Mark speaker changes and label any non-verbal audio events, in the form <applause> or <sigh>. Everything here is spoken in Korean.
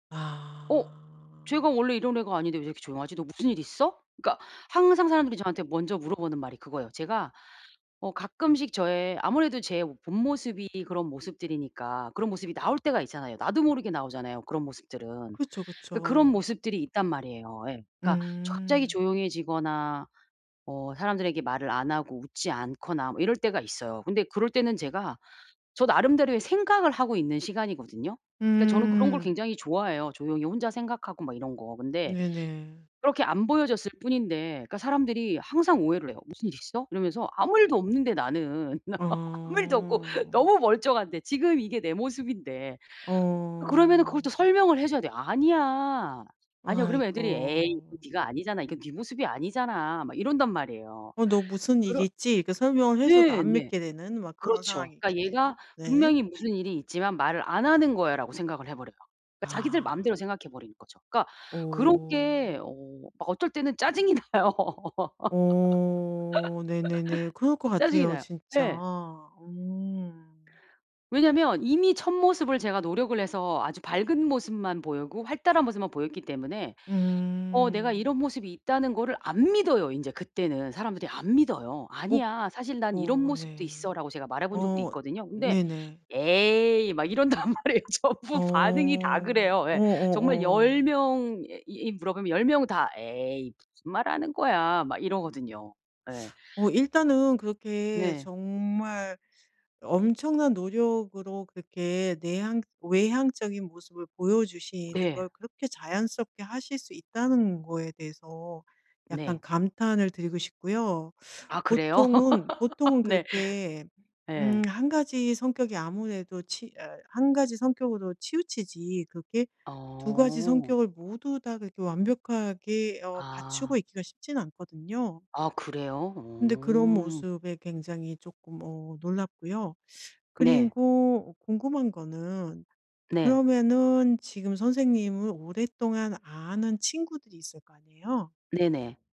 Speaker 1: '어?
Speaker 2: 아.
Speaker 1: 쟤가 원래 이런 애가 아닌데 왜 이렇게 조용하지?' "너 무슨 일 있어?" 그니까 항상 사람들이 저한테 먼저 물어보는 말이 그거예요. 제가 어 가끔씩 저의 아무래도 제 본 모습이 그런 모습들이니까 그런 모습이 나올 때가 있잖아요. 나도 모르게 나오잖아요 그런 모습들은.
Speaker 2: 그쵸,
Speaker 1: 그니까 그런
Speaker 2: 그쵸.
Speaker 1: 모습들이 있단 말이에요. 예. 그니까 조 갑자기
Speaker 2: 음.
Speaker 1: 조용해지거나 어 사람들에게 말을 안 하고 웃지 않거나 뭐 이럴 때가 있어요. 근데 그럴 때는 제가 저 나름대로의 생각을 하고 있는 시간이거든요. 그러니까 저는 그런 걸
Speaker 2: 음.
Speaker 1: 굉장히 좋아해요. 조용히 혼자 생각하고 막 이런 거. 근데
Speaker 2: 네네.
Speaker 1: 그렇게 안 보여줬을 뿐인데 그니까 사람들이 항상 오해를 해요. "무슨 일 있어?" 이러면서 아무 일도 없는데 나는 <laughs> 아무 일도 없고
Speaker 2: 어.
Speaker 1: 너무 멀쩡한데 지금 이게 내 모습인데. 그러면은 그걸 또
Speaker 2: 어.
Speaker 1: 설명을 해줘야 돼요. "아니야. 아니야." 그러면 애들이 "에이 이거
Speaker 2: 아이고.
Speaker 1: 네가 아니잖아. 이건 네 모습이 아니잖아." 막 이런단 말이에요.
Speaker 2: "어 너 무슨
Speaker 1: 그럴
Speaker 2: 일이 있지?" 이렇게 설명을 해 줘도
Speaker 1: 네.
Speaker 2: 안
Speaker 1: 네.
Speaker 2: 믿게 되는 막 그런 상황이
Speaker 1: 그렇죠. 그니까 '얘가
Speaker 2: 있겠네요. 네.
Speaker 1: 분명히 무슨 일이 있지만 말을 안 하는 거야.'라고 생각을 해버려요. 그니까 자기들
Speaker 2: 아.
Speaker 1: 마음대로 생각해 버리는 거죠. 그니까 그런 게
Speaker 2: 어.
Speaker 1: 어 막 어떨 때는 짜증이 나요.
Speaker 2: 어 네네네. 그럴
Speaker 1: <laughs>
Speaker 2: 것
Speaker 1: 짜증이
Speaker 2: 같아요
Speaker 1: 나요.
Speaker 2: 진짜
Speaker 1: 예.
Speaker 2: 음.
Speaker 1: 왜냐면 이미 1 모습을 제가 노력을 해서 아주 밝은 모습만 보이고 활달한 모습만 보였기 때문에 어 내가
Speaker 2: 음.
Speaker 1: 이런 모습이 있다는 거를 안 믿어요 인제 그때는. 사람들이 안 믿어요.
Speaker 2: 오?
Speaker 1: "아니야 사실 난 이런
Speaker 2: 고
Speaker 1: 모습도
Speaker 2: 네.
Speaker 1: 있어"라고 제가 말해본 적도
Speaker 2: 어.
Speaker 1: 있거든요. 근데
Speaker 2: 네네.
Speaker 1: "에이." 막 이런단 말이에요. 전부 반응이 다
Speaker 2: 어.
Speaker 1: 그래요. 예. 정말 10
Speaker 2: 어어어.
Speaker 1: 명에 이 물어보면 10 명 다 "에이 무슨 말하는 거야." 막 이러거든요. 예.
Speaker 2: 어 일단은 그렇게
Speaker 1: 네.
Speaker 2: 정말 엄청난 노력으로 그렇게 내향 외향적인 모습을 보여주시는
Speaker 1: 네.
Speaker 2: 걸 그렇게 자연스럽게 하실 수 있다는 거에 대해서 약간
Speaker 1: 네.
Speaker 2: 감탄을 드리고 싶고요.
Speaker 1: 아 그래요?
Speaker 2: 보통은 보통은
Speaker 1: 네.
Speaker 2: 그렇게 음
Speaker 1: 예.
Speaker 2: 1 가지 성격이 아무래도 치 어 1 가지 성격으로 치우치지 그게 2 가지
Speaker 1: 어.
Speaker 2: 성격을 모두 다 그렇게 완벽하게 어
Speaker 1: 아.
Speaker 2: 갖추고 있기가 쉽진 않거든요.
Speaker 1: 아 그래요?
Speaker 2: 근데 그런
Speaker 1: 어.
Speaker 2: 모습에 굉장히 쪼끔 어 놀랍고요.
Speaker 1: 네.
Speaker 2: 그리고 궁금한 거는
Speaker 1: 네.
Speaker 2: 그러면은 지금 선생님을 오랫동안 아는 친구들이 있을 거 아니에요?
Speaker 1: 네네.